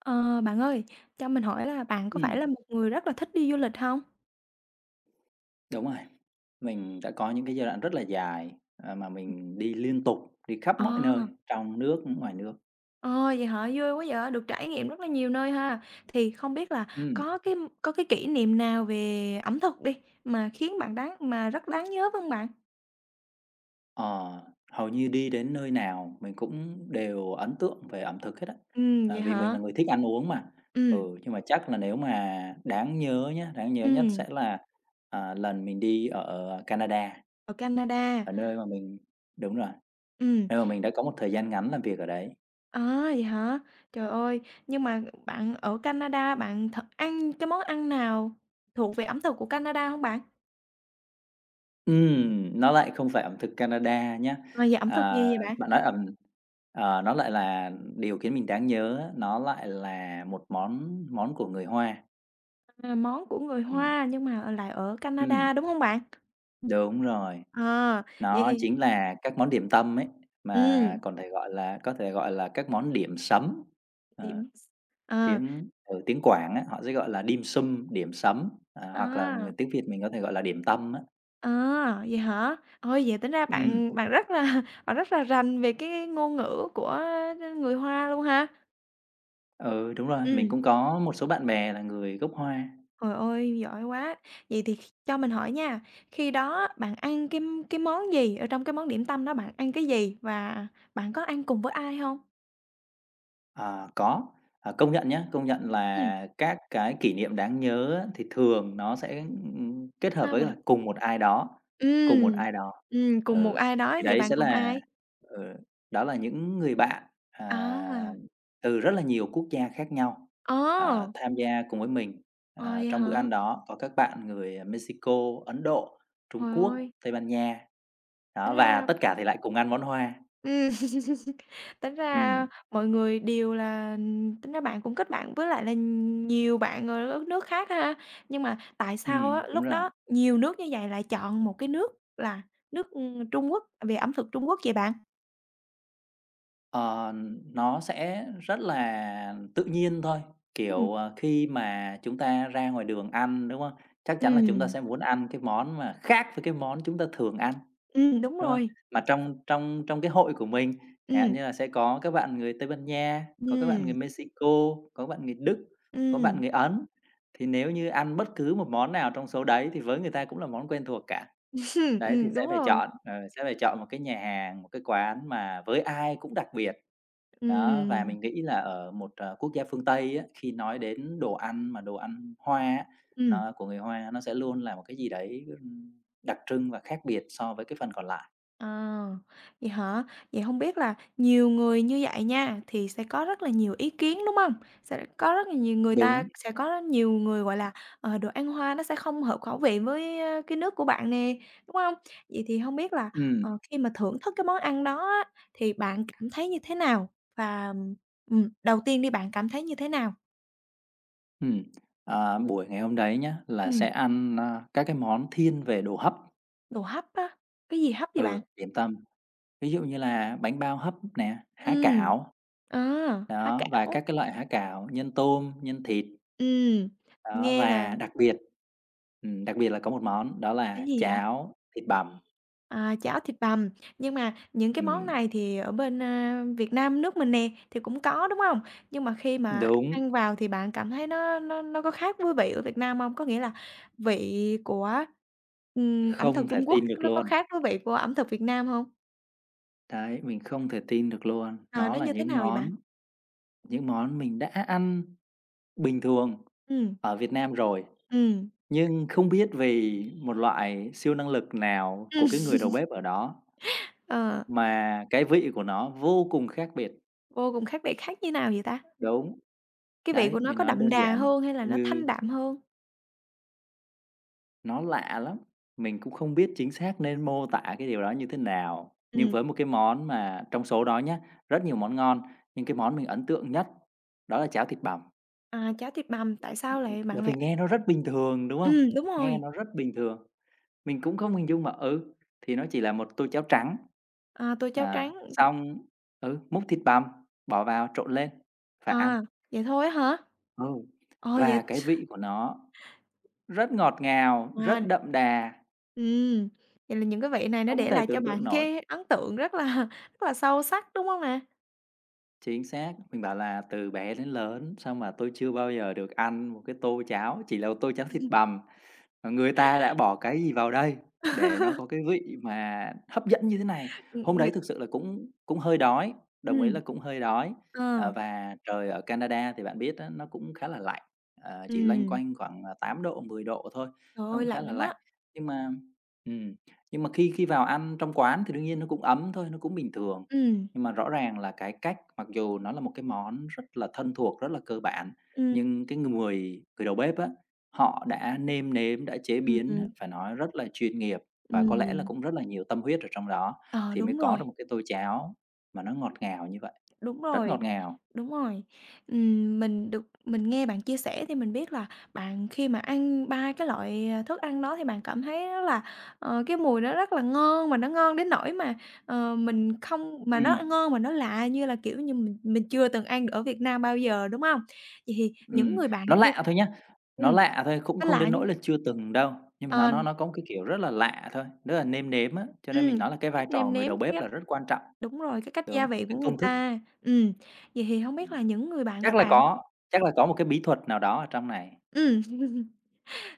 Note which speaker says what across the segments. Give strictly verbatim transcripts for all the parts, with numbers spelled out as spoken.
Speaker 1: Ờ, bạn ơi, cho mình hỏi là bạn có phải là
Speaker 2: Ừm.
Speaker 1: một người rất là thích đi du lịch hông?
Speaker 2: Đúng rồi, mình đã có những cái giai đoạn rất là dài, à, mà
Speaker 1: [unintelligible]
Speaker 2: mình đi liên tục, đi khắp mọi nơi
Speaker 1: À!
Speaker 2: trong nước, ưm, ngoài nước.
Speaker 1: Ờ, vậy hả? Vui quá vậy, được trải nghiệm rất là nhiều nơi ha. Thì không biết là
Speaker 2: Ừm.
Speaker 1: có cái có cái kỷ niệm nào về ẩm thực đi mà khiến bạn đáng mà rất đáng nhớ vân bạn?
Speaker 2: Ờ, hầu như đi đến nơi nào mình cũng đều ấn tượng về ẩm thực hết á,
Speaker 1: Ừm,
Speaker 2: ờ,
Speaker 1: vậy
Speaker 2: vì mình
Speaker 1: hả?
Speaker 2: là người thích ăn uống mà, ừ,
Speaker 1: Ừm.
Speaker 2: nhưng mà chắc là nếu mà đáng nhớ nhá, đáng nhớ nhất
Speaker 1: Ừm.
Speaker 2: sẽ là, ờ, lần mình đi ở Canada.
Speaker 1: Ở Canada.
Speaker 2: Ở nơi mà mình đúng rồi,
Speaker 1: Ừm.
Speaker 2: nơi mà mình đã có một thời gian ngắn làm việc ở đấy.
Speaker 1: À, vậy hả? Trời ơi, nhưng mà bạn ở Canada bạn thật ăn cái món ăn nào thuộc về ẩm thực của Canada hông bạn?
Speaker 2: Ừm, nó lại không phải ẩm thực Canada nhá.
Speaker 1: Và về ẩm thực
Speaker 2: À,
Speaker 1: gì vậy bạn?
Speaker 2: bạn nói ẩm ờ, nó lại là điều khiến mình đáng nhớ á, nó lại là một món món của người Hoa.
Speaker 1: Là món của người
Speaker 2: Ừm.
Speaker 1: Hoa nhưng mà, ờ, lại ở Canada,
Speaker 2: Ừm.
Speaker 1: đúng hông bạn?
Speaker 2: Đúng rồi.
Speaker 1: À, vậy
Speaker 2: Đó
Speaker 1: thì
Speaker 2: chính là các món điểm tâm ấy, mà
Speaker 1: Ừm.
Speaker 2: còn thể gọi là có thể gọi là các món điểm sắm, ờ,
Speaker 1: Điểm s ờ.
Speaker 2: tiếng ừ, tiếng Quảng á, họ sẽ gọi là dimsum, điểm sắm, ờ, hoặc là
Speaker 1: À!
Speaker 2: người tiếng Việt mình có thể gọi là điểm tâm á.
Speaker 1: À, vậy hả? Ôi, vậy tính ra
Speaker 2: Ừm.
Speaker 1: bạn bạn rất là bạn rất là rành về cái ngôn ngữ của, a, người Hoa luôn ha?
Speaker 2: Ừ, đúng rồi, mình
Speaker 1: Ừm.
Speaker 2: cũng có một số bạn bè là người gốc Hoa.
Speaker 1: Trời ơi, giỏi quá. Vậy thì kh cho mình hỏi nha, khi đó bạn ăn cái cái món gì? Ở trong cái món điểm tâm đó bạn ăn cái gì và bạn có ăn cùng với ai hông?
Speaker 2: Ờ, có. Ờ, công nhận nhá, công nhận
Speaker 1: Ừm.
Speaker 2: là các cái kỷ niệm đáng nhớ á thì thường nó sẽ, ừm, ừm, kết hợp
Speaker 1: Sao
Speaker 2: với
Speaker 1: bạn?
Speaker 2: là cùng một ai đó cùng một
Speaker 1: Ừm,
Speaker 2: ai đó.
Speaker 1: ừm, cùng một
Speaker 2: Ừ,
Speaker 1: ai đó,
Speaker 2: thì
Speaker 1: vậy
Speaker 2: đấy
Speaker 1: bạn
Speaker 2: sẽ
Speaker 1: cùng
Speaker 2: là
Speaker 1: ai?
Speaker 2: ờ, đó là những người bạn, à,
Speaker 1: À!
Speaker 2: từ rất là nhiều quốc gia khác nhau, à,
Speaker 1: À!
Speaker 2: tham gia cùng với mình.
Speaker 1: À,
Speaker 2: Ờ,
Speaker 1: vậy
Speaker 2: trong bữa
Speaker 1: hả?
Speaker 2: ăn đó có các bạn người Mexico, Ấn Độ, Trung
Speaker 1: Trời
Speaker 2: Quốc,
Speaker 1: ơi!
Speaker 2: Tây Ban Nha,
Speaker 1: Tính
Speaker 2: đó, và
Speaker 1: ra
Speaker 2: tất cả thì lại cùng ăn món Hoa.
Speaker 1: Ừm, tính ra
Speaker 2: Ừm.
Speaker 1: mọi người đìu là, ừm tính ra bạn cũng kết bạn với lại là nhiều bạn ở đất nước khác ha. Nhưng mà tại sao á
Speaker 2: Ừm, đúng
Speaker 1: lúc đó
Speaker 2: rồi.
Speaker 1: nhiều nước như vậy lại chọn một cái nước là nước, ừm, Trung Quốc về ẩm thực Trung Quốc vậy bạn?
Speaker 2: Ờ, nó sẽ rất là tự nhiên thôi.
Speaker 1: Ừm.
Speaker 2: Kiểu, à, khi mà chúng ta ra ngoài đường ăn, đúng hông? Chắc chắn là chúng ta sẽ
Speaker 1: Ừm.
Speaker 2: muốn ăn cái món mà khác với cái món chúng ta thường ăn,
Speaker 1: Ừm, đúng
Speaker 2: đúng hông?
Speaker 1: rồi.
Speaker 2: Mà trong trong trong cái hội của mình, chẳng hạn
Speaker 1: Ừm.
Speaker 2: như là sẽ có các bạn người Tây Ban Nha, có các bạn người
Speaker 1: Ừm.
Speaker 2: Mexico, có bạn người Đức, có bạn
Speaker 1: Ừm.
Speaker 2: người Ấn, thì nếu như ăn bất cứ một món nào trong số đấy thì với người ta cũng là món quen thuộc cả. Đấy, thì
Speaker 1: Ừm,
Speaker 2: sẽ
Speaker 1: đúng
Speaker 2: phải
Speaker 1: rồi.
Speaker 2: chọn, ờ, sẽ phải chọn một cái nhà hàng, một cái quán mà với ai cũng đặc biệt. Đó, và
Speaker 1: Ừm.
Speaker 2: mình nghĩ là ở một, ờ, quốc gia phương Tây á, khi nói đến đồ ăn mà đồ ăn Hoa á,
Speaker 1: Ừm.
Speaker 2: nó của người Hoa nó sẽ luôn là một cái gì đấy á r đặc trưng và khác biệt so với cái phần còn lại.
Speaker 1: À, vậy hả? Vậy hông biết là nhiều người như vậy nha, thì sẽ có rất là nhiều ý kiến, đúng hông? Sẽ lại có rất là nhiều người ta
Speaker 2: Đúng.
Speaker 1: sẽ có rất nhiều người, gọi là, ờ, đồ ăn Hoa nó sẽ không hợp khẩu vị với, a, cái nước của bạn nè, đúng hông? Vậy thì hông biết là,
Speaker 2: Ừm.
Speaker 1: ờ, khi mà thưởng thức cái món ăn đó á, thì bạn cảm thấy như thế nào? Và, ừm, ừm, đầu tiên đi bạn cảm thấy như thế nào?
Speaker 2: Ừm. À, buổi ngày hôm đấy nhá, là sẽ
Speaker 1: Ừm.
Speaker 2: ăn, a, các cái món thiên về đồ hấp.
Speaker 1: Đồ hấp á? Cái gì hấp vậy bạn?
Speaker 2: Ừ, điểm tâm. Ví dụ như là bánh bao hấp nè, há
Speaker 1: Ừm.
Speaker 2: cảo.
Speaker 1: À! Há
Speaker 2: Đó, và
Speaker 1: cảo.
Speaker 2: các cái loại há cảo nhân tôm, nhân thịt.
Speaker 1: Ừm.
Speaker 2: Đó,
Speaker 1: Nghe là
Speaker 2: và đặc biệt ừm, đặc biệt là có một món đó
Speaker 1: Cái
Speaker 2: là
Speaker 1: gì vậy?
Speaker 2: cháo thịt bằm.
Speaker 1: À, cháo thịt bằm, nhưng mà những cái món
Speaker 2: Ừm.
Speaker 1: này thì ở bên, a, Việt Nam nước mình nè, thì cũng có, đúng hông? Nhưng mà khi mà
Speaker 2: Đúng.
Speaker 1: ăn vào thì bạn cảm thấy nó nó nó có khác với vị ở Việt Nam hông? Có nghĩa là vị của, ừm, ẩm thực
Speaker 2: Không thể
Speaker 1: Trung Quốc
Speaker 2: tin được
Speaker 1: nó có
Speaker 2: luôn.
Speaker 1: khác với vị của ẩm thực Việt Nam hông?
Speaker 2: Thấy, mình không thể tin được luôn.
Speaker 1: À,
Speaker 2: Nó
Speaker 1: nó
Speaker 2: là
Speaker 1: như thế
Speaker 2: những
Speaker 1: nào vậy bạn?
Speaker 2: món những món mình đã ăn bình thường
Speaker 1: Ừm.
Speaker 2: ở Việt Nam rồi,
Speaker 1: Ừm.
Speaker 2: nhưng không biết vì một loại siêu năng lực nào của
Speaker 1: Ừm.
Speaker 2: cái người đầu bếp ở đó
Speaker 1: Ờ.
Speaker 2: mà cái vị của nó vô cùng khác biệt.
Speaker 1: Vô cùng khác biệt, khác như nào vậy ta?
Speaker 2: Đúng.
Speaker 1: Cái vị
Speaker 2: Đấy,
Speaker 1: của nó
Speaker 2: mình
Speaker 1: có
Speaker 2: nói
Speaker 1: đậm
Speaker 2: đơn
Speaker 1: đà
Speaker 2: giản
Speaker 1: hơn, hay là nó
Speaker 2: như
Speaker 1: thanh đạm hơn?
Speaker 2: Nó lạ lắm! Mình cũng không biết chính xác nên mô tả cái điều đó như thế nào, nhưng
Speaker 1: Ừm.
Speaker 2: với một cái món mà trong số đó nhá, rất nhiều món ngon nhưng cái món mình ấn tượng nhất đó là cháo thịt bằm.
Speaker 1: À, cháo thịt bằm,
Speaker 2: Ừm,
Speaker 1: tại sao
Speaker 2: ưm,
Speaker 1: lại bạn
Speaker 2: bởi vì
Speaker 1: lại
Speaker 2: nghe nó rất bình thường, đúng không?
Speaker 1: Ừm, đúng
Speaker 2: Nghe
Speaker 1: rồi.
Speaker 2: nó rất bình thường, mình cũng không hình dung mà ừ, thì nó chỉ là một tô cháo trắng
Speaker 1: À, tô cháo
Speaker 2: à,
Speaker 1: trắng.
Speaker 2: xong ừ, múc thịt bằm bỏ vào trộn lên và ăn.
Speaker 1: À, vậy thôi á hả?
Speaker 2: Ừ,
Speaker 1: Ồ, vậy
Speaker 2: và cái vị của nó rất ngọt ngào, rất
Speaker 1: Ngon.
Speaker 2: đậm đà.
Speaker 1: Ừm, vậy là những cái vị này nó
Speaker 2: Không
Speaker 1: để
Speaker 2: thể
Speaker 1: lại cho
Speaker 2: tưởng tượng
Speaker 1: bạn
Speaker 2: nổi.
Speaker 1: cái ấn tượng rất là rất là sâu sắc, đúng hông nè?
Speaker 2: Chính xác, mình bảo là từ bé đến lớn sao mà tôi chưa bao giờ được ăn một cái tô cháo, chỉ là một tô cháo thịt bằm, mà người ta đã bỏ cái gì vào đây để nó có cái vị mà hấp dẫn như thế này? Hôm
Speaker 1: Ừm, ng
Speaker 2: đấy thực sự là cũng cũng hơi đói, đồng ý
Speaker 1: Ừm.
Speaker 2: là cũng hơi đói. Ờ,
Speaker 1: Ờ.
Speaker 2: và trời ở Canada thì bạn biết á nó cũng khá là lạnh, ờ, chỉ loanh
Speaker 1: Ừm.
Speaker 2: quanh khoảng, ờ, tám độ, mười độ thôi,
Speaker 1: Trời
Speaker 2: nó
Speaker 1: ơi,
Speaker 2: cũng khá
Speaker 1: lạnh
Speaker 2: là
Speaker 1: lắm
Speaker 2: lạnh.
Speaker 1: á!
Speaker 2: Nhưng mà ừm, nhưng mà khi khi vào ăn trong quán thì đương nhiên nó cũng ấm thôi, nó cũng bình thường.
Speaker 1: Ừm.
Speaker 2: Nhưng mà rõ ràng là cái cách mặc dù nó là một cái món rất là thân thuộc, rất là cơ bản,
Speaker 1: Ừm
Speaker 2: nhưng cái người người đầu bếp á họ đã nêm nếm, đã chế
Speaker 1: Ừm,
Speaker 2: biến
Speaker 1: ừm.
Speaker 2: phải nói rất là chuyên nghiệp, và có lẽ là
Speaker 1: Ừm.
Speaker 2: cũng rất là nhiều tâm huyết ở trong đó,
Speaker 1: Ờ,
Speaker 2: thì mới
Speaker 1: đúng
Speaker 2: có
Speaker 1: rồi.
Speaker 2: được một cái tô cháo mà nó ngọt ngào như vậy,
Speaker 1: Đúng
Speaker 2: rất ngọt
Speaker 1: rồi,
Speaker 2: ngào.
Speaker 1: đúng rồi. Ừm, mình được mình nghe bạn chia sẻ thì mình biết là bạn khi mà ăn ba cái loại, ờ, thức ăn đó thì bạn cảm thấy rất là, ờ, cái mùi nó rất là ngon, mà nó ngon đến nỗi mà, ờ, mình không mà nó, ơ,
Speaker 2: Ừm.
Speaker 1: ngon mà nó lạ như là, kiểu như, mình mình chưa từng ăn ở Việt Nam bao giờ, đúng hông? Vậy thì những
Speaker 2: Ừm,
Speaker 1: người bạn
Speaker 2: nó
Speaker 1: kia
Speaker 2: lạ thôi nhá,
Speaker 1: ừm,
Speaker 2: nó lạ thôi cũng
Speaker 1: nó
Speaker 2: không
Speaker 1: lạ
Speaker 2: đến nỗi
Speaker 1: nhưng
Speaker 2: là chưa từng đâu. Nhưng mà nó nó
Speaker 1: Òn
Speaker 2: nó có một cái, kiểu, rất là lạ thôi đó là nêm nếm á, cho nên
Speaker 1: Ừm,
Speaker 2: mình nói là cái vai
Speaker 1: cách
Speaker 2: trò
Speaker 1: nêm
Speaker 2: người
Speaker 1: nếm
Speaker 2: đầu bếp
Speaker 1: tiếp
Speaker 2: là rất quan trọng.
Speaker 1: đúng rồi, cái cách gia
Speaker 2: Đúng,
Speaker 1: vị
Speaker 2: cái
Speaker 1: của người
Speaker 2: công thức.
Speaker 1: ta. Ừm, vậy thì hổng biết
Speaker 2: Ừm,
Speaker 1: là những người bạn
Speaker 2: chắc là
Speaker 1: bạn
Speaker 2: có chắc là có một cái bí thuật nào đó ở trong này.
Speaker 1: Ừm,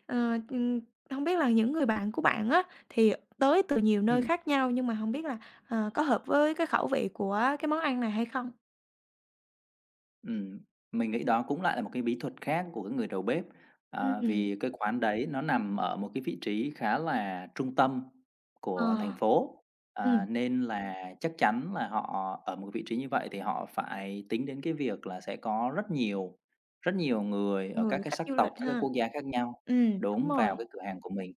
Speaker 1: ờ, ừm, hông biết là những người bạn của bạn á thì, à, tới từ nhiều nơi
Speaker 2: Ừm.
Speaker 1: khác nhau, nhưng mà hổng biết là, ờ, có hợp với cái khẩu vị của cái món ăn này hay không?
Speaker 2: Ừm. Mình nghĩ đó cũng lại là một cái bí thuật khác của cái người đầu bếp.
Speaker 1: Ưm,
Speaker 2: À,
Speaker 1: ừm.
Speaker 2: vì cái quán đấy nó nằm ở một cái vị trí khá là trung tâm của thành
Speaker 1: Ờ.
Speaker 2: phố, à,
Speaker 1: Ừm.
Speaker 2: nên là chắc chắn là họ ở một vị trí như vậy thì họ phải tính đến cái việc là sẽ có rất nhiều rất nhiều người ở các
Speaker 1: Người
Speaker 2: cái
Speaker 1: khách
Speaker 2: sắc
Speaker 1: du
Speaker 2: tộc,
Speaker 1: lịch
Speaker 2: các cái
Speaker 1: ha.
Speaker 2: quốc gia khác nhau
Speaker 1: Ừm, đúng
Speaker 2: đúng, vào
Speaker 1: rồi.
Speaker 2: cái cửa hàng của mình.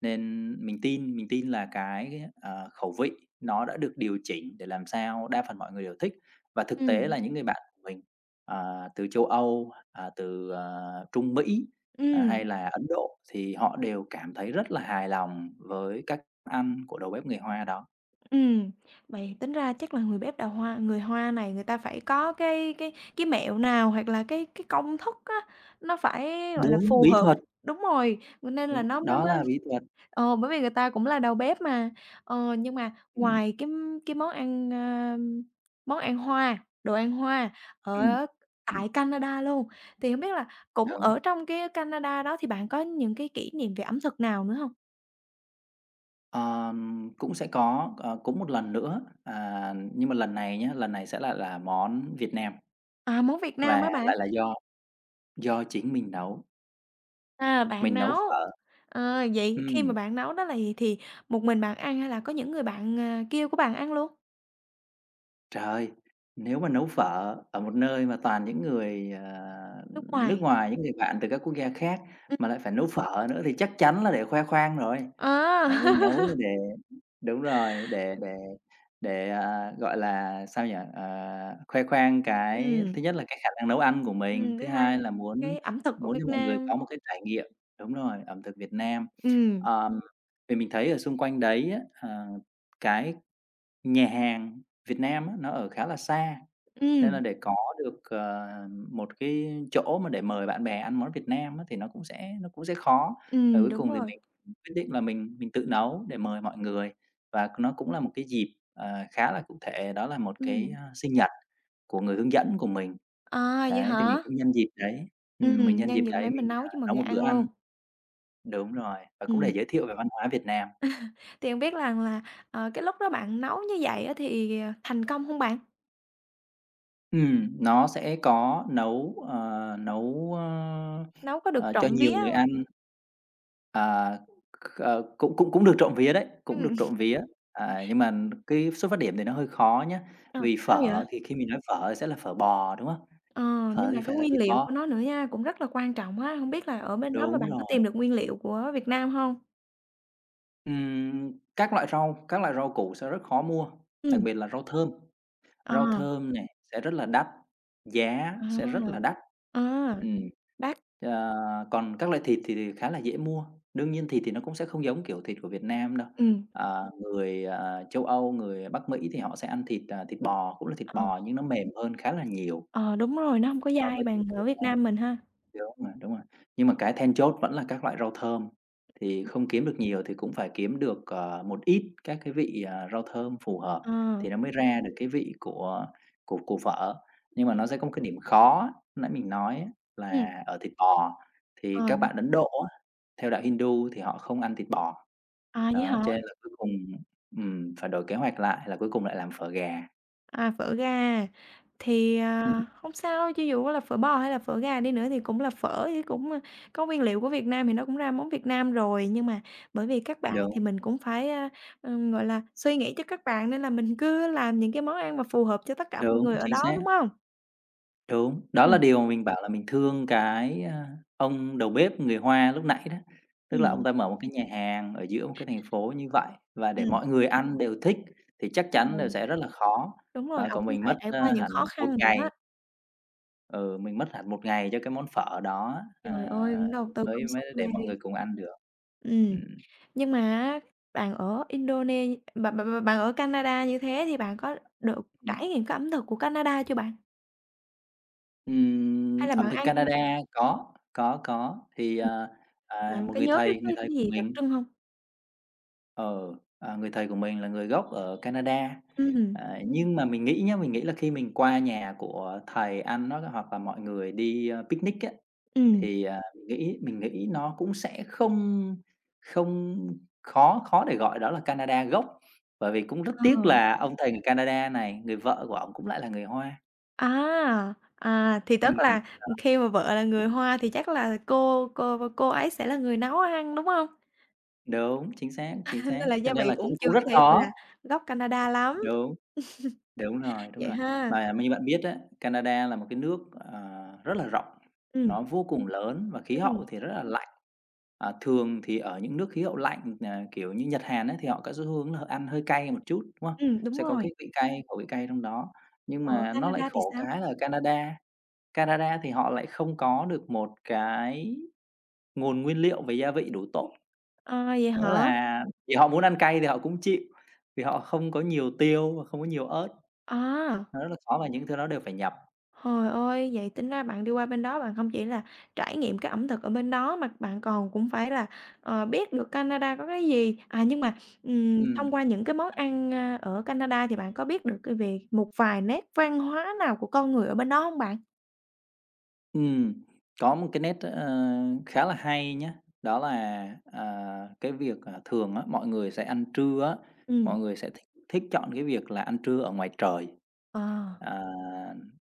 Speaker 2: Nên mình tin mình tin là cái ghé ờ, khẩu vị nó đã được điều chỉnh để làm sao đa phần mọi người đều thích. Và thực tế
Speaker 1: Ừm.
Speaker 2: là những người bạn của mình, à, từ châu Âu, à, từ, ờ, Trung Mỹ, à, hay
Speaker 1: Ừm.
Speaker 2: là Ấn Độ thì họ đều cảm thấy rất là hài lòng với cách ăn của đầu bếp người Hoa đó.
Speaker 1: Ừm, vậy tính ra chắc là người bếp đào hoa người Hoa này người ta phải có cái cái cái mẹo nào, hoặc là cái cái công thức á nó phải, gọi là,
Speaker 2: Đúng,
Speaker 1: phù
Speaker 2: bí
Speaker 1: hợp
Speaker 2: thuật.
Speaker 1: đúng rồi, v nên là
Speaker 2: Đúng,
Speaker 1: nó mới
Speaker 2: đó
Speaker 1: mới
Speaker 2: là bí thuật.
Speaker 1: ờ, bởi vì người ta cũng là đầu bếp mà. Ờ, nhưng mà
Speaker 2: Ừm.
Speaker 1: ngoài cái cái món ăn, a, món ăn Hoa, đồ ăn Hoa
Speaker 2: Ừm,
Speaker 1: ở
Speaker 2: ừm.
Speaker 1: tại Canada luôn, thì hông biết là cũng
Speaker 2: Đúng.
Speaker 1: ở trong cái Canada đó thì bạn có những cái kỷ niệm về ẩm thực nào nữa hông?
Speaker 2: Ờm, cũng sẽ có, ờ, cũng một lần nữa, à, nhưng mà lần này nhá, lần này sẽ lại là món Việt Nam.
Speaker 1: À, món Việt
Speaker 2: Và
Speaker 1: Nam hả bạn?
Speaker 2: lại là do do chính mình nấu.
Speaker 1: À, bạn
Speaker 2: Mình nấu
Speaker 1: nấu.
Speaker 2: phở.
Speaker 1: Ờ, vậy khi mà
Speaker 2: Ừm.
Speaker 1: bạn nấu đó là gì thì một mình bạn ăn hay là có những người bạn, à, kia của bạn ăn luôn?
Speaker 2: Trời! Nếu mà nấu phở ở một nơi mà toàn những người, ờ,
Speaker 1: Nước
Speaker 2: nước
Speaker 1: ngoài.
Speaker 2: ngoài, những người bạn từ các quốc gia khác, mà
Speaker 1: [unintelligible]
Speaker 2: lại phải nấu phở nữa thì chắc chắn là để khoe khoang rồi. Ờ, mình nấu
Speaker 1: À!
Speaker 2: mà để đúng rồi, để để để, à, gọi là, sao nhỉ, ờ, khoe khoang cái
Speaker 1: Ừm.
Speaker 2: thứ nhất là cái khả năng nấu ăn của mình,
Speaker 1: Ừm, thứ
Speaker 2: thứ
Speaker 1: hai
Speaker 2: hai
Speaker 1: về
Speaker 2: là muốn
Speaker 1: cái ẩm thực của
Speaker 2: muốn
Speaker 1: Việt
Speaker 2: cho mọi người
Speaker 1: Nam.
Speaker 2: có một cái trải nghiệm đúng rồi, ẩm thực Việt Nam.
Speaker 1: Ừm.
Speaker 2: Ờm, vì mình thấy ở xung quanh đấy á, ờ, cái nhà hàng Việt Nam á nó ở khá là xa, nên là
Speaker 1: Ừm.
Speaker 2: để có được, ờ, một cái chỗ mà để mời bạn bè ăn món Việt Nam á thì nó cũng sẽ nó cũng sẽ khó. Và
Speaker 1: Ừm,
Speaker 2: cuối
Speaker 1: đúng
Speaker 2: cùng thì
Speaker 1: rồi.
Speaker 2: mình, ừm, quyết định là mình mình tự nấu để mời mọi người. Và nó cũng là một cái dịp, ờ, khá là cụ thể, đó là một cái,
Speaker 1: Ừm.
Speaker 2: ơ, sinh nhật của người hướng dẫn của mình.
Speaker 1: À, vậy
Speaker 2: Đấy, thì mình
Speaker 1: hả?
Speaker 2: cũng nhân dịp đấy ừm, mình
Speaker 1: Ừm,
Speaker 2: nhân
Speaker 1: nhân
Speaker 2: dịp
Speaker 1: dịp
Speaker 2: đấy
Speaker 1: đấy mình
Speaker 2: mình, ờ,
Speaker 1: nấu cho mọi
Speaker 2: nấu
Speaker 1: người
Speaker 2: một bữa
Speaker 1: ăn luôn.
Speaker 2: ăn. Đúng rồi, và cũng để
Speaker 1: Ừm.
Speaker 2: giới thiệu về văn hóa Việt Nam.
Speaker 1: Thì không biết lằng là, ờ, cái lúc đó bạn nấu như vậy á thì, ờ, thành công hông bạn?
Speaker 2: Ừm, nó sẽ có nấu, ờ, nấu, ơ,
Speaker 1: Nấu có được
Speaker 2: ờ, cho
Speaker 1: trộm
Speaker 2: nhiều
Speaker 1: vía
Speaker 2: người
Speaker 1: hông?
Speaker 2: ăn. À, c ờ, cũng cũng cũng được trộm vía đấy, cũng được
Speaker 1: Ừm.
Speaker 2: trộm vía. À, nhưng màn cái xuất phát điểm thì nó hơi khó nhá,
Speaker 1: Ờ,
Speaker 2: vì
Speaker 1: sao vậy?
Speaker 2: phở thì khi mình nói phở thì sẽ là phở bò, đúng không?
Speaker 1: Ờ,
Speaker 2: Phở
Speaker 1: nhưng
Speaker 2: thì
Speaker 1: mà cái
Speaker 2: phải là
Speaker 1: nguyên
Speaker 2: thịt
Speaker 1: liệu của
Speaker 2: bò.
Speaker 1: nó nữa nha, cũng rất là quan trọng á. Hông biết là ở bên đó mà
Speaker 2: Đúng
Speaker 1: bạn có
Speaker 2: rồi.
Speaker 1: tìm được nguyên liệu của Việt Nam hông?
Speaker 2: Ừm, các loại rau các loại rau củ sẽ rất khó mua, đặc
Speaker 1: Ừm.
Speaker 2: biệt là rau thơm.
Speaker 1: Ờ.
Speaker 2: Rau thơm nè sẽ rất là đắt, giá sẽ rất
Speaker 1: À,
Speaker 2: là đắt.
Speaker 1: à,
Speaker 2: Ừm.
Speaker 1: đắt.
Speaker 2: Ờ, còn các loại thịt thì thì khá là dễ mua. Đương nhiên thịt thì nó cũng sẽ không giống kiểu thịt của Việt Nam đâu.
Speaker 1: Ừm.
Speaker 2: Ờ, người, ờ, Châu Âu, người Bắc Mỹ thì họ sẽ ăn thịt, à, thịt bò, cũng là thịt
Speaker 1: Ờ.
Speaker 2: bò nhưng nó mềm hơn khá là nhiều
Speaker 1: Ờ, đúng rồi, nó hông có
Speaker 2: so
Speaker 1: dai
Speaker 2: với thịt
Speaker 1: bằng
Speaker 2: của
Speaker 1: ở
Speaker 2: Việt
Speaker 1: Việt
Speaker 2: Nam,
Speaker 1: Nam mình ha.
Speaker 2: thiếu m đúng rồi. Nhưng mà cái then chốt vẫn là các loại rau thơm, thì
Speaker 1: [unintelligible]
Speaker 2: không kiếm được nhiều thì cũng phải kiếm được, à, một ít các cái vị, à, rau thơm phù hợp
Speaker 1: Ờ.
Speaker 2: thì nó mới ra được cái vị của của của phở. Nhưng mà
Speaker 1: [unintelligible]
Speaker 2: nó sẽ có một cái điểm khó, nãy mình nói á,
Speaker 1: Ừm.
Speaker 2: là ở thịt bò thì các
Speaker 1: Ờm.
Speaker 2: bạn Ấn Độ á, theo đạo Hindu thì họ không ăn thịt bò.
Speaker 1: À, vậy
Speaker 2: Đó,
Speaker 1: hả?
Speaker 2: cho nên là cuối cùng ừm, phải đổi kế hoạch lại là cuối cùng lại làm phở gà.
Speaker 1: À, phở gà, thì,
Speaker 2: Ưm, ừm.
Speaker 1: à, hông sao, cho dù có là phở bò hay là phở gà đi nữa thì cũng là phở, với cũng, ơ, có nguyên liệu của Việt Nam thì nó cũng ra món Việt Nam rồi. Nhưng mà bởi vì các bạn, thì
Speaker 2: Đúng.
Speaker 1: mình cũng phải, a, ừm, gọi là, suy nghĩ cho các bạn, nên là mình cứ làm những cái món ăn mà phù hợp cho tất cả mọi
Speaker 2: Đúng,
Speaker 1: người ở
Speaker 2: chính
Speaker 1: đó, đúng
Speaker 2: xác.
Speaker 1: hông?
Speaker 2: Đúng, đó là
Speaker 1: Ừm.
Speaker 2: điều mình bảo là mình thương cái, à, ông đầu bếp người Hoa lúc nãy đó, tức là ông
Speaker 1: Ừm.
Speaker 2: ta mở một cái nhà hàng ở giữa một cái thành phố như vậy, và để
Speaker 1: Ừm.
Speaker 2: mọi người ăn đều thích thì chắc
Speaker 1: Đúng
Speaker 2: chắn, ờ,
Speaker 1: rồi.
Speaker 2: sẽ rất là khó.
Speaker 1: Đúng rồi,
Speaker 2: Ờ,
Speaker 1: ổng
Speaker 2: còn
Speaker 1: cũng
Speaker 2: mình
Speaker 1: phải
Speaker 2: mất,
Speaker 1: trải
Speaker 2: ơ,
Speaker 1: qua những
Speaker 2: hẳn
Speaker 1: khó
Speaker 2: một
Speaker 1: khăn nữa.
Speaker 2: ngày Ừ, mình mất hẳn một ngày cho cái món phở đó á,
Speaker 1: Trời
Speaker 2: à,
Speaker 1: ơi, cũng đầu tư
Speaker 2: mới mới
Speaker 1: công sức
Speaker 2: mới để
Speaker 1: ghê.
Speaker 2: mọi người cùng ăn được.
Speaker 1: Ừm,
Speaker 2: Ừm.
Speaker 1: nhưng mà á, bạn ở Indone bạn bạn bạn bạn ở Canada như thế thì bạn có được
Speaker 2: Ừm.
Speaker 1: trải nghiệm cái ẩm thực của Canada chưa bạn? Hay
Speaker 2: Ừm,
Speaker 1: là
Speaker 2: ẩm
Speaker 1: bạn
Speaker 2: thực
Speaker 1: ăn
Speaker 2: Canada, có, có, có, thì,
Speaker 1: Ừm.
Speaker 2: à, à,
Speaker 1: Bạn
Speaker 2: một
Speaker 1: có
Speaker 2: người
Speaker 1: nhớ cái
Speaker 2: thầy người
Speaker 1: cái
Speaker 2: thầy
Speaker 1: cái
Speaker 2: của
Speaker 1: gì đặc
Speaker 2: mình.
Speaker 1: trưng hông?
Speaker 2: Ờ, à, người thầy của mình là người gốc ở Canada.
Speaker 1: Ưm, ừm.
Speaker 2: À, nhưng mà mình nghĩ nhá, mình nghĩ là khi mình qua nhà của thầy ăn, nó có hoặc là mọi người đi, ờ, picnic á,
Speaker 1: Ừm.
Speaker 2: thì, à, mình nghĩ mình nghĩ nó cũng sẽ không không khó khó để gọi đó là Canada gốc, bởi vì cũng rất tiếc
Speaker 1: Ờ.
Speaker 2: là ông thầy người Canada này người vợ của ổng cũng lại là người Hoa.
Speaker 1: À! À, thì
Speaker 2: Ừm.
Speaker 1: tức là, ừm,
Speaker 2: [unintelligible]
Speaker 1: khi mà vợ là người Hoa thì chắc là cô cô cô ấy sẽ là người nấu ăn, đúng hông?
Speaker 2: Đúng, chính xác,
Speaker 1: À,
Speaker 2: chính xác,
Speaker 1: nên là
Speaker 2: cho
Speaker 1: gia
Speaker 2: nên
Speaker 1: vị
Speaker 2: là
Speaker 1: cũng
Speaker 2: cũng
Speaker 1: chưa
Speaker 2: cũng
Speaker 1: có
Speaker 2: rất
Speaker 1: thể, gọi
Speaker 2: khó.
Speaker 1: là, gốc Canada lắm.
Speaker 2: Đúng. Đúng rồi, đúng
Speaker 1: Vậy
Speaker 2: rồi.
Speaker 1: ha?
Speaker 2: Mà như bạn biết á, Canada là một cái nước, ờ, rất là rộng,
Speaker 1: Ừm.
Speaker 2: nó vô cùng lớn, và khí hậu
Speaker 1: Ừm.
Speaker 2: thì rất là lạnh. Ờ, thường thì ở những nước khí hậu lạnh, n à, kiểu như, Nhật, Hàn á thì họ có xu hướng là họ ăn hơi cay một chút, đúng không?
Speaker 1: Ừm, đúng
Speaker 2: Sẽ có
Speaker 1: rồi.
Speaker 2: cái vị cay, khẩu vị cay trong đó. Nhưng
Speaker 1: Ờ,
Speaker 2: mà nó lại
Speaker 1: Canada thì
Speaker 2: khổ
Speaker 1: sao?
Speaker 2: cái là Canada Canada thì họ lại không có được một cái nguồn nguyên liệu về gia vị đủ tốt,
Speaker 1: À, vậy
Speaker 2: nữa
Speaker 1: hả?
Speaker 2: là vì họ muốn ăn cay thì họ cũng chịu, vì họ không có nhiều tiêu và không có nhiều ớt,
Speaker 1: À!
Speaker 2: nó rất là khó và những thứ đó đều phải nhập.
Speaker 1: Hời ơi, vậy tính ra bạn đi qua bên đó bạn hông chỉ là trải nghiệm cái ẩm thực ở bên đó, mà bạn còn cũng phải là, ờ, biết được Canada có cái gì. À, nhưng mà, ừm, thông
Speaker 2: Ừm.
Speaker 1: qua những cái món ăn, a, ở Canada thì bạn có biết được, ờ, về một vài nét văn hóa nào của con người ở bên đó hông bạn?
Speaker 2: Ừm, có một cái nét, ơ, à, khá là hay nhá, đó là, à, à, cái việc, à, thường á, mọi người sẽ ăn trưa á,
Speaker 1: Ừm.
Speaker 2: mọi người sẽ thích thích chọn cái việc là ăn trưa ở ngoài trời.
Speaker 1: Ờ.
Speaker 2: Ờ,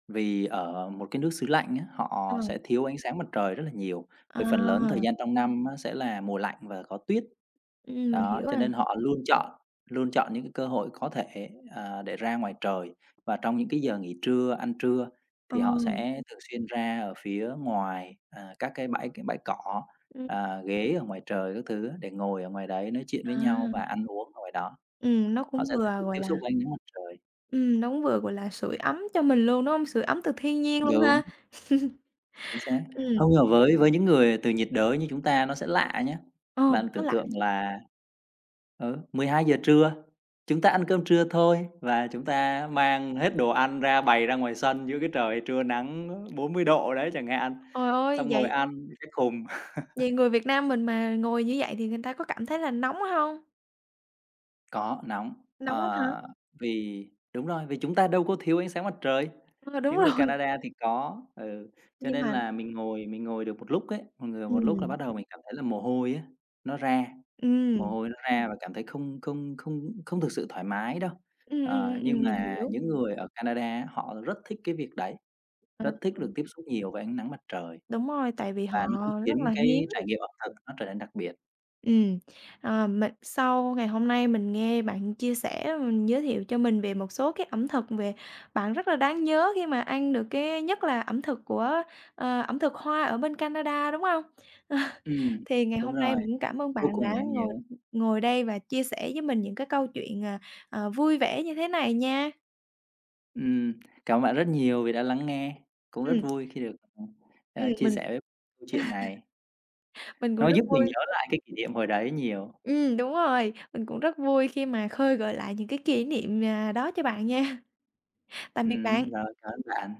Speaker 2: vì ở một cái nước xứ lạnh á, họ sẽ
Speaker 1: Ờm.
Speaker 2: thiếu ánh sáng mặt trời rất là nhiều, vì phần lớn thời
Speaker 1: À!
Speaker 2: gian trong năm á sẽ là mùa lạnh và có tuyết.
Speaker 1: Ừm, mình
Speaker 2: Đó,
Speaker 1: hiểu
Speaker 2: cho
Speaker 1: à.
Speaker 2: nên họ luôn chọn luôn chọn những cái cơ hội có thể, ờ, để ra ngoài trời. Và trong những cái giờ nghỉ trưa, ăn trưa
Speaker 1: Ờ.
Speaker 2: thì họ sẽ thường xuyên ra ở phía ngoài, à, các cái bãi c bãi cỏ,
Speaker 1: Ừm.
Speaker 2: à, ghế ở ngoài trời các thứ để ngồi ở ngoài đấy nói chuyện với nhau và
Speaker 1: À.
Speaker 2: ăn uống ở ngoài đó.
Speaker 1: Ừm, nó
Speaker 2: Họ
Speaker 1: cũng
Speaker 2: sẽ thích
Speaker 1: vừa,
Speaker 2: được
Speaker 1: gọi
Speaker 2: tiếp
Speaker 1: là
Speaker 2: xúc với ánh nắng mặt trời.
Speaker 1: Ừm, nó cũng vừa, gọi là, sưởi ấm cho mình luôn, đúng hông? Sưởi ấm từ thiên nhiên luôn
Speaker 2: Đúng.
Speaker 1: ha.
Speaker 2: Chính xác.
Speaker 1: Ừm.
Speaker 2: Hông, mà với với những người từ nhiệt đới như chúng ta nó sẽ lạ nhá.
Speaker 1: Ờm,
Speaker 2: Bạn
Speaker 1: nó
Speaker 2: tưởng
Speaker 1: lạ
Speaker 2: tượng
Speaker 1: chứ!
Speaker 2: là ờ, mười hai giờ trưa, chúng ta ăn cơm trưa thôi và chúng ta mang hết đồ ăn ra, bày ra ngoài sân dưới cái trời trưa nắng bốn mươi độ đấy chẳng hạn,
Speaker 1: ồi ơi!
Speaker 2: xong ngồi
Speaker 1: Vậy
Speaker 2: ăn những cái khùng.
Speaker 1: vậy người Việt Nam mình mà ngồi như vậy thì người ta có cảm thấy là nóng hông?
Speaker 2: Có, nóng,
Speaker 1: Nóng lắm hả?
Speaker 2: ờ, vì đúng rồi, vì chúng ta đâu có thiếu ánh sáng mặt trời.
Speaker 1: Ờ, đúng
Speaker 2: Những người
Speaker 1: rồi.
Speaker 2: Canada thì có, ừ, cho
Speaker 1: Nhưng
Speaker 2: nên
Speaker 1: mà
Speaker 2: là mình ngồi mình ngồi được một lúc ấy, người một lúc là
Speaker 1: Ừm.
Speaker 2: bắt đầu mình cảm thấy là mồ hôi á, nó ra, mồ
Speaker 1: Ừm.
Speaker 2: hôi nó ra và cảm thấy không không không không thực sự thoải mái đâu.
Speaker 1: Ừm, ừm,
Speaker 2: Ờ,
Speaker 1: ừm,
Speaker 2: nhưng
Speaker 1: ừm, mình
Speaker 2: mà
Speaker 1: hiểu.
Speaker 2: những người ở Canada, họ rất thích cái việc đấy, rất thích được
Speaker 1: [unintelligible]
Speaker 2: tiếp xúc nhiều với ánh nắng mặt trời,
Speaker 1: Đúng rồi, tại vì họ
Speaker 2: và như cũng khiến
Speaker 1: rất là hiếm.
Speaker 2: cái trải nghiệm ẩm thực nó trở nên đặc biệt.
Speaker 1: Ừm, ờ, mình sau ngày hôm nay mình nghe bạn chia sẻ, ừm, giới thiệu cho mình về một số cái ẩm thực về bạn rất là đáng nhớ khi mà ăn được cái nhất là ẩm thực của, ờ, ẩm thực Hoa ở bên Canada, đúng hông?
Speaker 2: Ừm,
Speaker 1: Thì ngày
Speaker 2: đúng
Speaker 1: hôm nay
Speaker 2: rồi,
Speaker 1: mình cũng cảm ơn
Speaker 2: vô
Speaker 1: bạn
Speaker 2: cùng
Speaker 1: đã
Speaker 2: đáng
Speaker 1: ngồi
Speaker 2: nhớ.
Speaker 1: ngồi đây và chia sẻ với mình những cái câu chuyện, à, ờ, vui vẻ như thế này nha.
Speaker 2: Ừm. Cảm ơn bạn rất nhiều vì đã lắng nghe, cũng rất
Speaker 1: Ừm.
Speaker 2: vui khi được, ừm,
Speaker 1: Ừm,
Speaker 2: ờ, chia
Speaker 1: mình
Speaker 2: sẻ chuyện này.
Speaker 1: Mình cũng
Speaker 2: Nó
Speaker 1: rất
Speaker 2: giúp mình nhớ
Speaker 1: vui.
Speaker 2: lại cái kỷ niệm hồi đấy nhiều.
Speaker 1: Ừm, đúng rồi, mình cũng rất vui khi mà khơi gợi lại những cái kỷ niệm, à, đó cho bạn nha. Tạm biệt
Speaker 2: Ừm,
Speaker 1: bạn.
Speaker 2: rồi, cảm ơn bạn.